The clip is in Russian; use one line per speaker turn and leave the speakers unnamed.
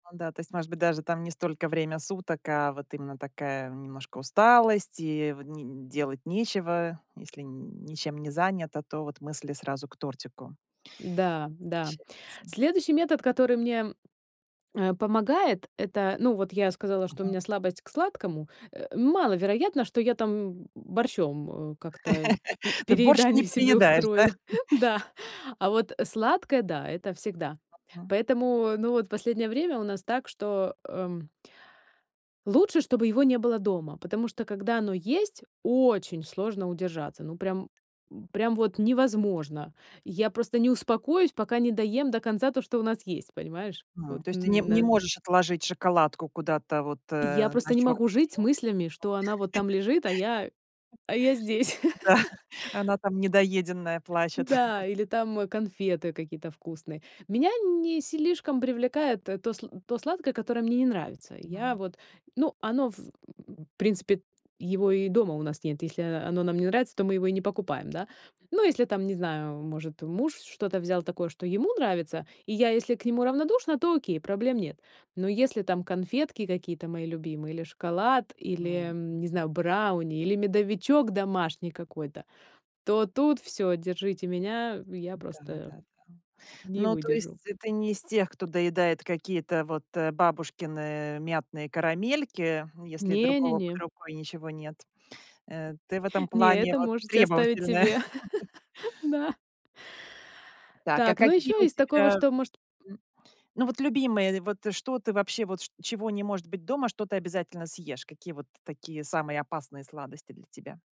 Ну да, то есть, может быть, даже там не столько время суток, а вот именно такая немножко усталость, и в н делать нечего. Если н ничем не занято, то вот мысли сразу к тортику.
Да, да.
[unintelligible] Сам.
Следующий метод, который мне, э, помогает, это- ну, вот я сказала, что у
Мгм.
меня слабость к сладкому, э, маловероятно, что я там борщом, э, как-то пере
Ты борщ не
переедание себе
переедаешь, да?
устрою Да, а вот, э, сладкое, да, это всегда.
Мгм.
Поэтому, ну, вот последнее время у нас так, что, эм лучше, чтобы его не было дома, потому что, когда оно есть, очень сложно удержаться, ну, прям, м, прям вот невозможно. Я просто не успокоюсь, пока не доем до конца то, что у нас есть. Понимаешь?
М,
Вот
то есть ты не м
н
не
на
можешь отложить шоколадку куда-то вот,
Я
э, на
просто не могу
чёрный
жить с мыслями, что она вот
день?
там лежит, а я, а я здесь.
Да, она там недоеденная плачет.
Да, или там конфеты какие-то вкусные. Меня не слишком привлекает т то, сла то сладкое, которое мне не нравится. Я
Мгм.
вот, ну, оно, в, м, принципе, его и дома у нас нет. Если оно нам не нравится, то мы его и не покупаем, да. Ну, если там, не знаю, может, муж что-то взял такое, что ему нравится, и я, если к нему равнодушна, то окей, проблем нет. Но если там конфетки какие-то мои любимые, или шоколад, или,
М.
м, не знаю, брауни, или медовичок домашний какой-то, то тут всё, держите меня, я просто
Да-да-да.
не
Ну, то есть
выдержу.
ты не из тех, кто доедает какие-то вот, э, бабушкины мятные карамельки, если другого под
Не-не-не.
рукой ничего нет. Э, ты в этом
Не,
плане
это
вот
можете оставить
требовательная.
себе. Да.
Так, а
Так, ну,
какие
ещё
у
из такого,
тебя,
что может
м, ну, вот любимые, вот что ты вообще, вот чт чего не может быть дома, что ты обязательно съешь? Какие вот такие самые опасные сладости для тебя?